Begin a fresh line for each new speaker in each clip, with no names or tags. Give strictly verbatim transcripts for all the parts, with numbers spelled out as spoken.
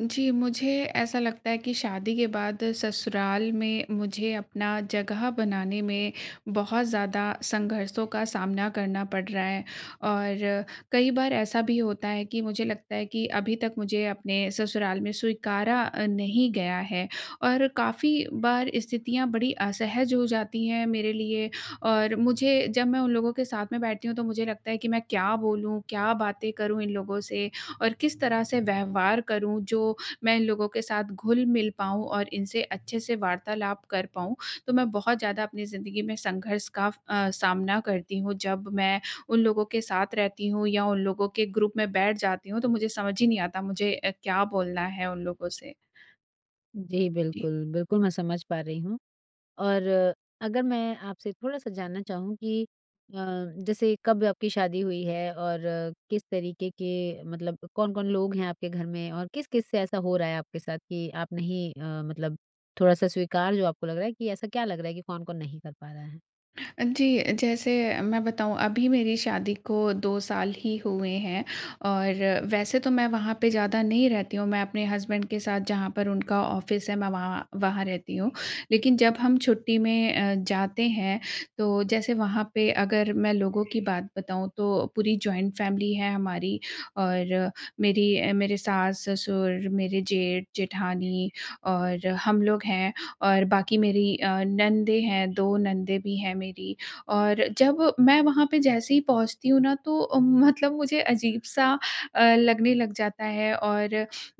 जी, मुझे ऐसा लगता है कि शादी के बाद ससुराल में मुझे अपना जगह बनाने में बहुत ज़्यादा संघर्षों का सामना करना पड़ रहा है। और कई बार ऐसा भी होता है कि मुझे लगता है कि अभी तक मुझे अपने ससुराल में स्वीकारा अ, नहीं गया है और काफ़ी बार स्थितियाँ बड़ी असहज हो जाती हैं मेरे लिए। और मुझे जब मैं उन लोगों के साथ में बैठती हूँ तो मुझे लगता है कि मैं क्या बोलूँ, क्या बातें करूँ, इन लोगों से और किस तरह से व्यवहार करूँ, जो मैं इन लोगों के साथ घुल-मिल पाऊँ और इनसे अच्छे से वार्तालाप कर पाऊँ। तो मैं बहुत ज़्यादा अपनी ज़िंदगी में संघर्ष का अ, सामना करती हूँ, जब मैं उन लोगों के साथ रहती हूँ या उन लोगों के ग्रुप में बैठ जाती हूँ तो मुझे समझ ही नहीं आता मुझे अ, क्या बोलना है उन लोगों से।
जी,
जी।
बिल्कुल, बिल्कुल, मैं समझ पा रही हूँ। और अगर मैं आपसे थोड़ा-सा जानना चाहूँ कि अ, जैसे कब आपकी शादी हुई है और किस तरीके के मतलब कौन-कौन लोग हैं आपके घर में? और किस-किस से ऐसा हो रहा है आपके साथ कि आप नहीं अ, मतलब थोड़ा-सा स्वीकार जो आपको लग रहा है कि ऐसा क्या लग रहा है कि कौन-कौन नहीं कर पा रहा है?
अ, जी। जैसे मैं बताऊँ अभी मेरी शादी को दो साल ही हुए हैं और वैसे तो मैं वहाँ पे ज़्यादा नहीं रहती हूँ। मैं अपने हस्बैंड के साथ जहाँ पर उनका ऑफ़िस है, मैं वहाँ वहाँ रहती हूँ। लेकिन जब हम छुट्टी में अ, जाते हैं, तो जैसे वहाँ पे अगर मैं लोगों की बात बताऊँ, तो पूरी जॉइंट फैमिली है हमारी। और मेरी मेरे सास-ससुर, मेरे जेठ-जेठानी और हम लोग हैं और बाकी मेरी अ, नंदे हैं, दो नंदे भी हैं मेरी, और जब मैं वहाँ पर जैसे ही पहुँचती हूँ ना, तो ओ मतलब मुझे अजीब-सा अ, लगने लग जाता है और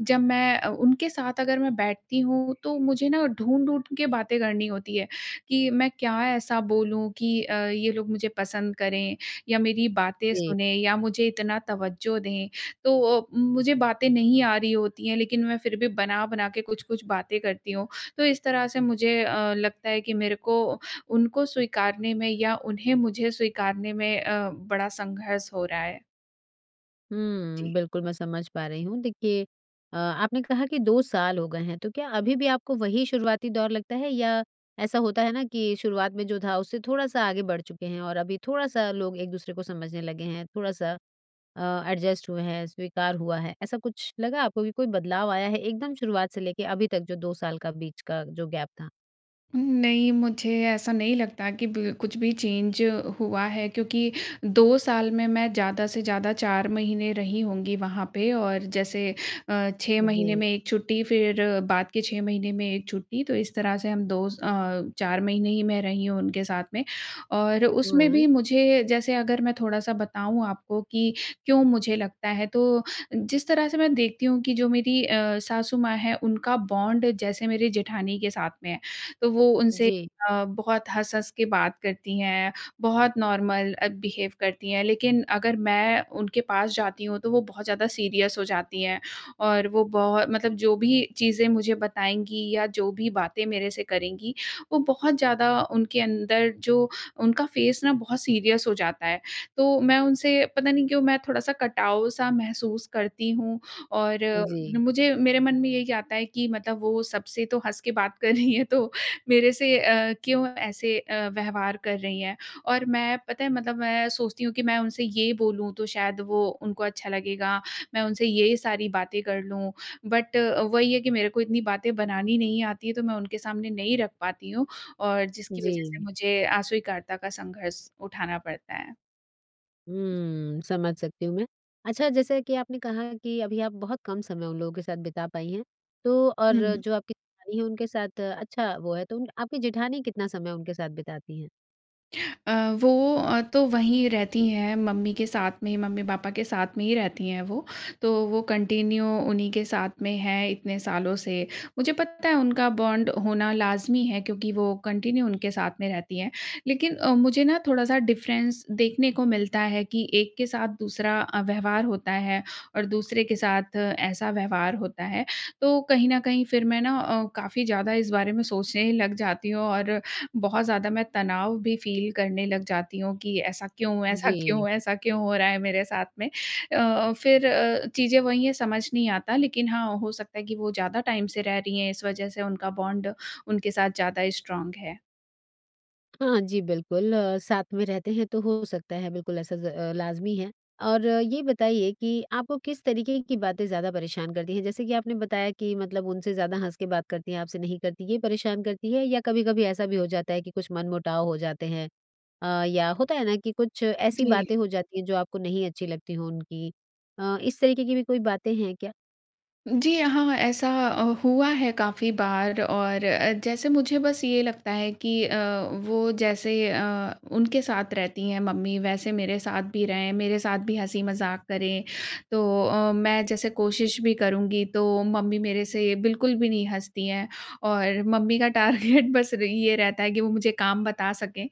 जब मैं अ, उनके साथ अगर मैं बैठती हूँ, तो मुझे न ढूँढ-ढूँढ के बातें करनी होती है कि मैं क्या ऐसा बोलूँ कि अ, ये लोग मुझे पसंद करें या मेरी बातें
जी।
सुने या मुझे इतना तवज्जो दें। तो ओ मुझे बातें नहीं आ रही होती हैं, लेकिन मैं फिर भी बना-बना के कुछ-कुछ बातें करती हूँ। तो इस तरह से मुझे अ, लगता है कि मेरे को उनको स्वीकारने में या उन्हें मुझे स्वीकारने में अ, बड़ा संघर्ष हो रहा है।
हुँ,
जी।
बिल्कुल मैं समझ पा रही हूँ। देखिए अ, आपने कहा कि दो साल हो गए हैं तो क्या अभी भी आपको वही शुरुआती दौर लगता है? या ऐसा होता है ना, कि शुरुआत में जो था उससे थोड़ा-सा आगे बढ़ चुके हैं और अभी थोड़ा-सा लोग एक-दूसरे को समझने लगे हैं, थोड़ा-सा अ, एडजस्ट हुए हैं स्वीकार हुआ है। ऐसा कुछ लगा आपको कि कोई बदलाव आया है, एकदम शुरुआत से लेके अभी तक जो दो साल का बीच का जो गैप था?
उम्म, नहीं मुझे ऐसा नहीं लगता कि बिल कुछ भी चेंज हुआ है क्योंकि दो साल में मैं ज़्यादा से ज़्यादा चार महीने रही होंगी वहाँ पे और जैसे अ, छह महीने
जी।
में एक छुट्टी फिर बाद के छह महीने में एक छुट्टी, तो इस तरह से हम दो अ, चार महीने ही मैं रही हूँ उनके साथ में। और उसमें
हुँ।
भी मुझे जैसे अगर मैं थोड़ा-सा बताऊँ आपको कि क्यों मुझे लगता है? तो जिस तरह से मैं देखती हूँ कि जो मेरी अ, सासू माँ है, उनका बॉन्ड जैसे मेरे जेठानी के साथ में है, तो वो उनसे
जी।
अ, बहुत हँस-हँस के बात करती हैं। बहुत नॉर्मल अ, बिहेव करती हैं। लेकिन अगर मैं उनके पास जाती हूँ तो वो बहुत ज़्यादा सीरियस हो जाती हैं। और वो बहुत मतलब जो भी चीज़ें मुझे बताएँगी या जो भी बातें मेरे से करेंगी, वो बहुत ज़्यादा उनके अंदर जो उनका फेस ना बहुत सीरियस हो जाता है। तो मैं उनसे पता नहीं क्यों मैं थोड़ा-सा कटाव-सा महसूस करती हूँ और
जी।
मुझे मेरे मन में यही आता है कि मतलब वो सबसे तो हँस के बात कर रही हैं तो मेरे से अ, क्यों ऐसे अ, व्यवहार कर रही है। और मैं पता है? मतलब मैं सोचती हूँ कि मैं उनसे ये बोलूँ तो शायद वो उनको अच्छा लगेगा। मैं उनसे ये सारी बातें कर लूँ। बट अ, वही है कि मेरे को इतनी बातें बनानी नहीं आती है तो मैं उनके सामने नहीं रख पाती हूँ, और जिसकी वजह से
जी।
मुझे अस्वीकार्यता का संघर्ष उठाना पड़ता है। जी।
हुँ, समझ सकती हूँ मैं। अच्छा, जैसे कि आपने कहा कि अभी आप बहुत कम समय उन लोगों के साथ बिता पाई हैं, तो और
हुँ।
जो आपकी जेठानी है उनके साथ अच्छा वो है तो उन आपकी जेठानी कितना समय उनके साथ बिताती हैं?
अ, वो तो वहीं रहती हैं मम्मी के साथ में मम्मी-पापा के साथ में ही रहती हैं वो। तो वो कंटिन्यू उन्हीं के साथ में हैं इतने सालों से। मुझे पता है उनका बॉन्ड होना लाज़मी है क्योंकि वो कंटिन्यू उनके साथ में रहती हैं, लेकिन अ, मुझे ना थोड़ा-सा डिफ़रेंस देखने को मिलता है कि एक के साथ दूसरा अ, व्यवहार होता है और दूसरे के साथ ऐसा व्यवहार होता है। तो कहीं न कहीं फिर मैं ना अ, काफ़ी ज़्यादा इस बारे में सोचने लग जाती हूँ और बहुत ज़्यादा मैं तनाव भी फ़ील करने लग जाती हूँ कि ऐसा क्यों, ऐसा
जी।
क्यों, ऐसा क्यों हो रहा है मेरे साथ में। अ, फिर अ, चीज़ें वही है समझ नहीं आता लेकिन हाँ, हो सकता है कि वो ज़्यादा टाइम से रह रही हैं इस वजह से उनका बॉन्ड उनके साथ ज़्यादा स्ट्रॉन्ग है।
हाँ, जी बिल्कुल। साथ में रहते हैं तो हो सकता है, बिल्कुल ऐसा ज़ लाज़मी है। और ये बताइए कि आपको किस तरीके की बातें ज़्यादा परेशान करती हैं? जैसे कि आपने बताया कि मतलब उनसे ज़्यादा हँस के बात करती हैं आपसे नहीं करती, ये परेशान करती है या कभी-कभी ऐसा भी हो जाता है कि कुछ मनमुटाव हो जाते हैं अ, या होता है ना कि कुछ ऐसी
जी।
बातें हो जाती हैं जो आपको नहीं अच्छी लगती हों उनकी अ, इस तरीके की भी कोई बातें हैं क्या?
जी हाँ, हाँ, हाँ ऐसा अ, हुआ है काफ़ी बार और अ, जैसे मुझे बस ये लगता है कि अ, वो जैसे अ, उनके साथ रहती हैं मम्मी, वैसे मेरे साथ भी रहें, मेरे साथ भी हँसी-मज़ाक करें। तो अ, मैं जैसे कोशिश भी करूँगी, तो मम्मी मेरे से बिल्कुल भी नहीं हँसती हैं और मम्मी का टारगेट बस र ये रहता है कि वो मुझे काम बता सकें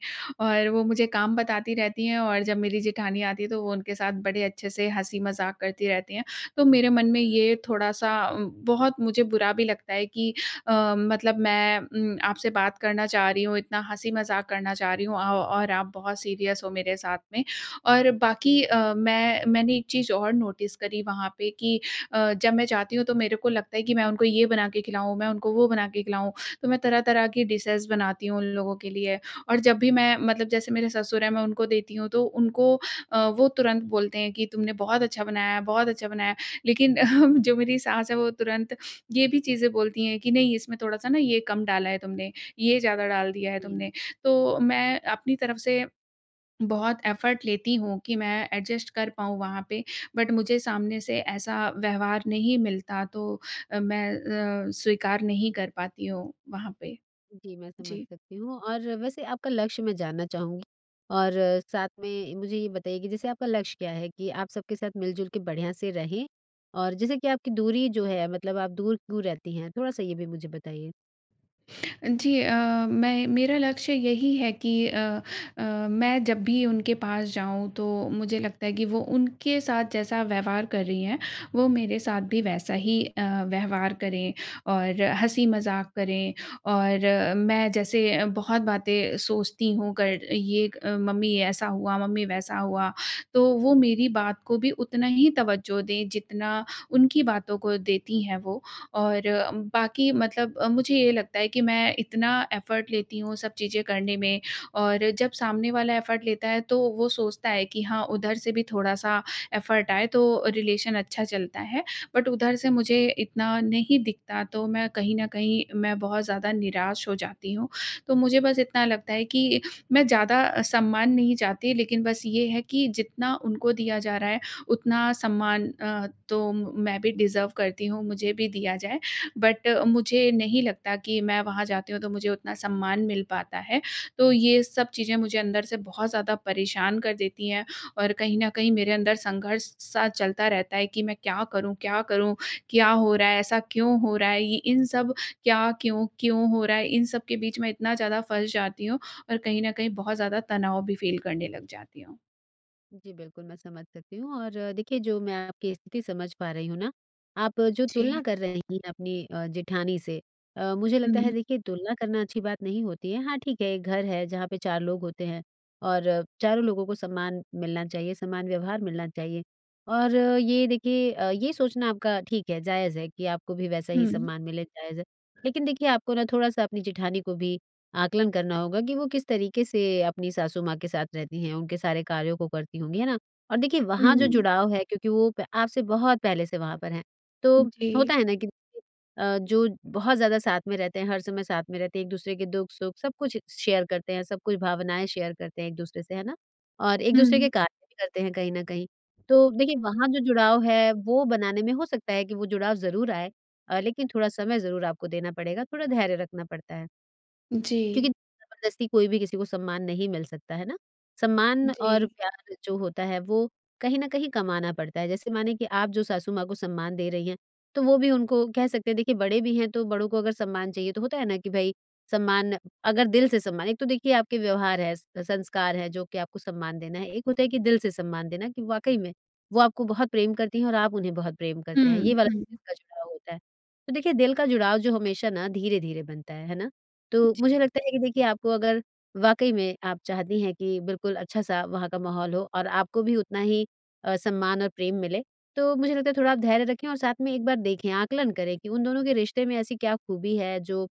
और वो मुझे काम बताती रहती हैं और जब मेरी जेठानी आती है, तो वो उनके साथ बड़े अच्छे से हँसी-मज़ाक करती रहती हैं। तो मेरे मन में ये थोड़ा-सा उँ बहुत मुझे बुरा भी लगता है कि अ, मतलब मैं उम, आपसे बात करना चाह रही हूँ, इतना हँसी-मज़ाक करना चाह रही हूँ औ और आप बहुत सीरियस हो मेरे साथ में। और बाकी अ, मैं मैंने एक चीज़ और नोटिस करी वहाँ पे कि अ, जब मैं जाती हूँ, तो मेरे को लगता है कि मैं उनको ये बना के खिलाऊँ, मैं उनको वो बना के खिलाऊँ, तो मैं तरह-तरह की डिशेज़ बनाती हूँ उन लोगों के लिए और जब भी मैं मतलब जैसे मेरे ससुर हैं, मैं उनको देती हूँ तो उनको अ, वो तुरंत बोलते हैं कि, "तुमने बहुत अच्छा बनाया है, बहुत अच्छा बनाया है।" लेकिन जो मेरी सास है, वो तुरंत ये भी चीज़ें बोलती हैं कि, "नहीं, इसमें थोड़ा-सा ना ये कम डाला है तुमने। ये ज़्यादा डाल दिया है
हुँ।
तुमने।" तो मैं अपनी तरफ से बहुत एफ़र्ट लेती हूँ कि मैं एडजस्ट कर पाऊँ वहाँ पे, बट मुझे सामने से ऐसा व्यवहार नहीं मिलता। तो अ, मैं अ, स्वीकार नहीं कर पाती हूँ वहाँ पे।
जी, मैं समझ
जी।
सकती हूँ और वैसे आपका लक्ष्य मैं जानना चाहूँगी, और साथ में इ मुझे ये बताइए कि जैसे आपका लक्ष्य क्या है कि आप सबके साथ मिल-जुल के बढ़िया से रहें? और जैसे कि आपकी दूरी जो है मतलब आप दूर क्यों रहती हैं? थोड़ा-सा ये भी मुझे बताइए।
जी, अ, मैं मेरा लक्ष्य यही है कि अ, अ, मैं जब भी उनके पास जाऊँ, तो मुझे लगता है कि वो उनके साथ जैसा व्यवहार कर रही हैं, वो मेरे साथ भी वैसा ही अ, व्यवहार करें और हँसी-मज़ाक करें। और मैं जैसे अ, बहुत बातें सोचती हूँ कर ये एक मम्मी ऐसा हुआ, मम्मी वैसा हुआ, तो वो मेरी बात को भी उतना ही तवज्जो दें, जितना उनकी बातों को देती हैं वो। और बाकी मतलब मुझे ये लगता है कि मैं इतना एफ़र्ट लेती हूँ सब चीज़ें करने में और जब सामने वाला एफ़र्ट लेता है, तो वो सोचता है कि हाँ उधर से भी थोड़ा-सा एफ़र्ट आए, तो रिलेशन अच्छा चलता है। बट उधर से मुझे इतना नहीं दिखता, तो मैं कहीं न कहीं मैं बहुत ज़्यादा निराश हो जाती हूँ। तो मुझे बस इतना लगता है कि मैं ज़्यादा सम्मान नहीं चाहती, लेकिन बस ये है कि जितना उनको दिया जा रहा है, उतना सम्मान अ, तो मैं भी डिज़र्व करती हूँ, मुझे भी दिया जाए। बट मुझे नहीं लगता कि मैं वहाँ जाती हूँ, तो मुझे उतना सम्मान मिल पाता है। तो ये सब चीज़ें मुझे अंदर से बहुत ज़्यादा परेशान कर देती हैं और कहीं न कहीं मेरे अंदर संघर्ष सा चलता रहता है कि मैं क्या करूँ क्या करूँ? क्या हो रहा है? ऐसा क्यों हो रहा है? ये इन सब क्या क्यों-क्यों हो रहा है, इन सब के बीच मैं इतना ज़्यादा फँस जाती हूँ और कहीं न कहीं बहुत ज़्यादा तनाव भी फ़ील करने लग जाती हूँ।
जी बिल्कुल, मैं समझ सकती हूँ और देखिए, जो मैं आपकी स्थिति समझ पा रही हूँ ना, आप जो
जी।
तुलना कर रही हैं अपनी अ, जेठानी से अ, मुझे लगता है,
हुँ।
देखिए, तुलना करना अच्छी बात नहीं होती है। हाँ, ठीक है, एक घर है जहाँ पे चार लोग होते हैं और चारों लोगों को सम्मान मिलना चाहिए, समान व्यवहार मिलना चाहिए। और ये देखिए अ, ये सोचना आपका ठीक है, जायज़ है कि आपको भी वैसा ही
हुँ।
सम्मान मिले। जायज़ है। लेकिन देखिए आपको ना थोड़ा-सा अपनी जेठानी को भी आकलन करना होगा कि वो किस तरीके से अपनी सासु माँ के साथ रहती हैं, उनके सारे कार्यों को करती होंगी। है ना? और देखिए, वहाँ जो
हुँ।
जुड़ाव है क्योंकि वो प आपसे बहुत पहले से वहाँ पर हैं। तो
जी।
होता है ना कि देखिए अ, जो बहुत ज़्यादा साथ में रहते हैं, हर समय साथ में रहते हैं, एक दूसरे के दुख-सुख सब कुछ शेयर करते हैं, सब कुछ भावनाएँ शेयर करते हैं एक दूसरे से, है ना? और एक दूसरे के
हुँ।
कार्य भी करते हैं कहीं न कहीं। तो देखिए, वहाँ जो जुड़ाव है, वो बनाने में हो सकता है कि वो जुड़ाव ज़रूर आए अ, लेकिन थोड़ा समय ज़रूर आपको देना पड़ेगा। थोड़ा धैर्य रखना पड़ता है।
जी।
क्योंकि ज़बरदस्ती कोई भी किसी को सम्मान नहीं मिल सकता, है ना? सम्मान और
जी।
प्यार जो होता है, वो कहीं न कहीं कमाना पड़ता है। जैसे माने कि आप जो सासु माँ को सम्मान दे रही हैं, तो वो भी उनको कह सकते हैं देखिए बड़े भी हैं, तो बड़ों को अगर सम्मान चाहिए, तो होता है ना कि भई, सम्मान अगर दिल से सम्मान एक तो देखिए आपके व्यवहार हैं, स संस्कार है जो कि आपको सम्मान देना है। एक होता है कि दिल से सम्मान देना कि वाक़ई में, वो आपको बहुत प्रेम करती हैं और आप उन्हें बहुत प्रेम करते हैं। ये
हुँ,
वाला जो
हुँ।
दिल का जुड़ाव होता है। तो देखिए, दिल का जुड़ाव जो हमेशा ना धीरे-धीरे बनता है। है ना? तो
जी।
मुझे लगता है कि देखिए, आपको अगर वाक़ई में आप चाहती हैं कि बिल्कुल अच्छा-सा वहाँ का माहौल हो और आपको भी उतना ही अ, सम्मान और प्रेम मिले, तो मुझे लगता है थोड़ा आप धैर्य रखें और साथ में एक बार देखें, आकलन करें कि उन दोनों के रिश्ते में ऐसी क्या खूबी है जो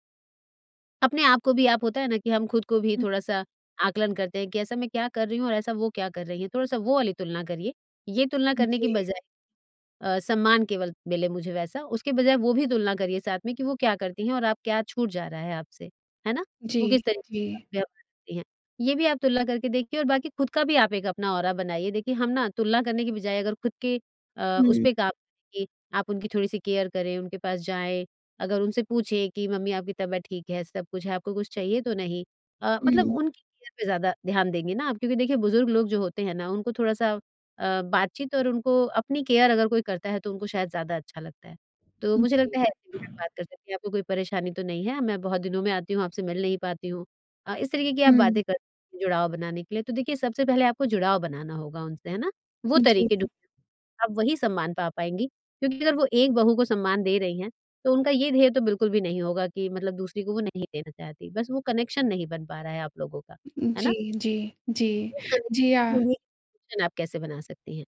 अपने आप को भी आप होता है ना कि हम खुद को भी
हुँ।
थोड़ा-सा आकलन करते हैं कि, "ऐसा मैं क्या कर रही हूँ और ऐसा वो क्या कर रही हैं?" थोड़ा-सा वो वाली तुलना करिए। ये तुलना करने की
जी।
बजाय अ, "सम्मान केवल मिले मुझे" वैसा। उसके बजाय वो भी तुलना करिए साथ में कि वो क्या करती हैं और आप क्या छूट जा रहा है आपसे, है ना? वो
जी,
किस तरीके का
जी।
व्यवहार करती हैं। ये भी आप तुलना करके देखिए और बाकी खुद का भी आप एक अपना औरा बनाइए। देखिए, हम ना तुलना करने की बजाय अगर खुद के अ, उस
हुँ।
पे काम कि आप उनकी थोड़ी-सी केयर करें, उनके पास जाएँ। अगर उनसे पूछें कि, "मम्मी, आपकी तबीयत ठीक है, सब कुछ है? आपको कुछ चाहिए तो नहीं?" अ, मतलब
हुँ।
उनकी केयर पे ज़्यादा ध्यान देंगे ना आप क्योंकि देखिए बुज़ुर्ग लोग जो होते हैं ना, उनको थोड़ा-सा अ, बातचीत और उनको अपनी केयर अगर कोई करता है तो उनको शायद ज़्यादा अच्छा लगता है। तो मुझे
जी।
लगता है, ऐसे भी आप बात कर सकती हैं, "आपको कोई परेशानी तो नहीं है? मैं बहुत दिनों में आती हूँ, आपसे मिल नहीं पाती हूँ।" अ, इस तरीके की आप
हुँ।
बातें करिए जुड़ाव बनाने के लिए। तो देखिए सबसे पहले आपको जुड़ाव बनाना होगा उनसे, है ना? वो तरीके
जी।
[unintelligible] आप वही सम्मान पा पाएँगी क्योंकि अगर वो एक बहू को सम्मान दे रही हैं, तो उनका ये ध्येय तो बिल्कुल भी नहीं होगा कि मतलब दूसरी को वो नहीं देना चाहती। बस वो कनेक्शन नहीं बन पा रहा है आप लोगों का। है ना?
जी, जी, जी।
रोज़ का
जी आ
[unintelligible] शन आप कैसे बना सकती हैं?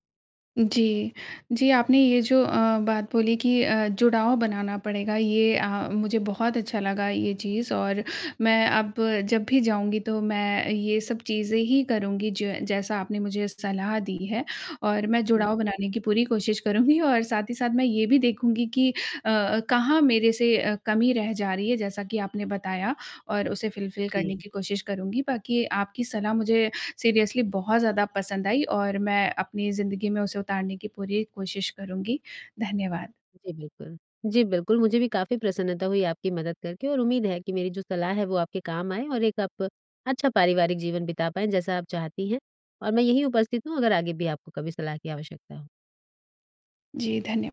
जी। जी, आपने ये जो अ, बात बोली कि अ, जुड़ाव बनाना पड़ेगा, ये अ, मुझे बहुत अच्छा लगा ये चीज़ और मैं अब जब भी जाऊँगी तो मैं अ, ये सब चीज़ें ही करूँगी ज जैसा आपने मुझे सलाह दी है। और मैं जुड़ाव
ओके।
बनाने की पूरी कोशिश करूँगी और साथ ही साथ मैं ये भी देखूँगी कि अ, अ, कहाँ मेरे से अ, कमी रह जा रही है जैसा कि आपने बताया और उसे फुलफिल
जी।
करने की कोशिश करूँगी। बाकी आपकी सलाह मुझे सीरियसली बहुत ज़्यादा पसंद आई और मैं अपनी ज़िंदगी में उसे उतारने की पूरी कोशिश करूँगी। धन्यवाद।
जी बिल्कुल। जी बिल्कुल, मुझे भी काफ़ी प्रसन्नता हुई आपकी मदद करके और उम्मीद है कि मेरी जो सलाह है, वो आपके काम आए और एक आप अच्छा पारिवारिक जीवन बिता पाएँ जैसा आप चाहती हैं। और मैं यहीं उपस्थित हूँ, अगर आगे भी आपको कभी सलाह की आवश्यकता हो।
जी, धन्य